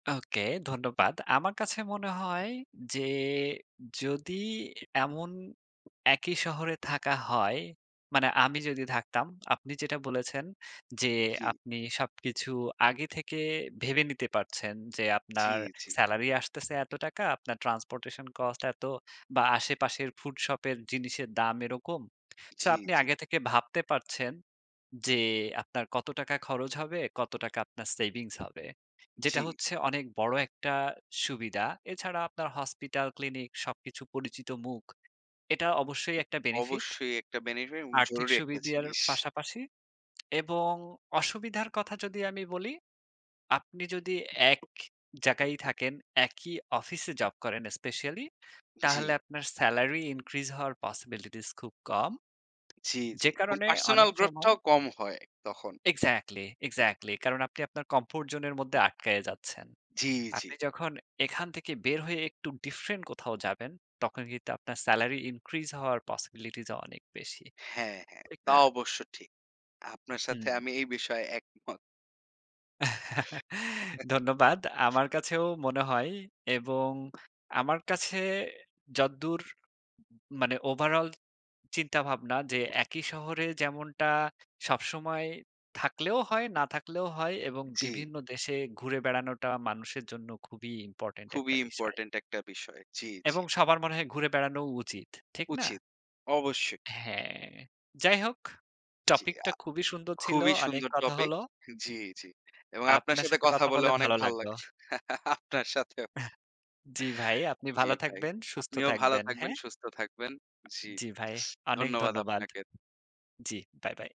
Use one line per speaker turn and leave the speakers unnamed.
ওকে ধন্যবাদ। আমার কাছে মনে হয় যে, যদি এমন একই শহরে থাকা হয়, মানে আমি যদি থাকতাম আপনি যেটা বলেছেন যে,
জি।
আপনি সবকিছু আগে থেকে ভেবে নিতে পারছেন, যে
জি,
আপনার
জি।
সেলারি আসতেছে এত টাকা। আপনার ট্রান্সপোর্টেশন কস্ট এত বা আশেপাশের ফুড শপের জিনিসের দাম এরকম। সো
জি,
আপনি
জি।
আগে থেকে ভাবতে পারছেন যে আপনার কত টাকা খরচ হবে, কত টাকা আপনার সেভিংস হবে। যেটা
জি।
হচ্ছে অনেক বড় একটা সুবিধা। এছাড়া আপনার হসপিটাল, ক্লিনিক সবকিছু পরিচিত মুখ। এটা অবশ্যই একটা বেনিফিট।
অবশ্যই একটা বেনিফিট এবং
আর্থিক
জরুরি একটা
সুবিধার
জিনিস।
পাশাপাশি এবং অসুবিধার কথা যদি আমি বলি, আপনি যদি এক জায়গায় থাকেন, একই অফিসে জব করেন স্পেশালি, তাহলে
জি।
আপনার সেলারি increase হওয়ার পসিবিলিটিস খুব কম।
জি, জি
যে
এবং
কারণে
পার্সোনাল
অনেক সময়
গ্রোথটাও কম হয় তখন।
Exactly, exactly. কারণ আপনি আপনার কমফোর্ট জোনের মধ্যে আটকায়ে যাচ্ছেন।
জি, জি।
আপনি যখন এখান থেকে বের হয়ে একটু ডিফ্রেন্ট কোথাও যাবেন তখন কিন্তু আপনার সেলারি increase হওয়ার পসিবিলিটিস অনেক বেশি।
হ্যাঁ, হ্যাঁ,
ঠিক
তা
না?
অবশ্য ঠিক। আপনার
হুম।
সাথে আমি এই বিষয়ে একমত।
ধন্যবাদ।
জি।
আমার কাছেও মনে হয় এবং আমার কাছে যদ্দুর উম মানে ওভারঅল চিন্তাভাবনা যে, একই শহরে যেমনটা সবসময় থাকলেও হয়, না থাকলেও হয় এবং
জি।
বিভিন্ন দেশে ঘুরে বেড়ানোটা মানুষের জন্য খুবই ইম্পোর্টেন্ট
খুবই
একটা বিষয়।
ইম্পোর্টেন্ট একটা বিষয়। জি, জি।
এবং সবার মনে হয় ঘুরে বেড়ানোও উচিত, ঠিক না?
উচিত, অবশ্যই।
হ্যাঁ। যাই হোক,
জি।
টপিকটা
আ
খুবই সুন্দর ছিল।
খুবই
অনেক
সুন্দর
কথা
টপিক।
হলো।
জি, জি। এবং আপনার
আপনার
সাথে
সাথে
কথা
কথা
বলে
বলে
অনেক
ভালো
ভাল লাগ
লাগলো।
আপনার সাথেও।
জি, ভাই। আপনি
জি,
ভালো
ভাই।
থাকবেন, সুস্থ
আপনিও ভালো
থাকবেন।
থাকবেন,
হ্যাঁ?
সুস্থ থাকবেন। জি,
জি, ভাই। অনেক
ধন্যবাদ
ধন্যবাদ।
আপনাকে।
জ্বি, বাই, বাই।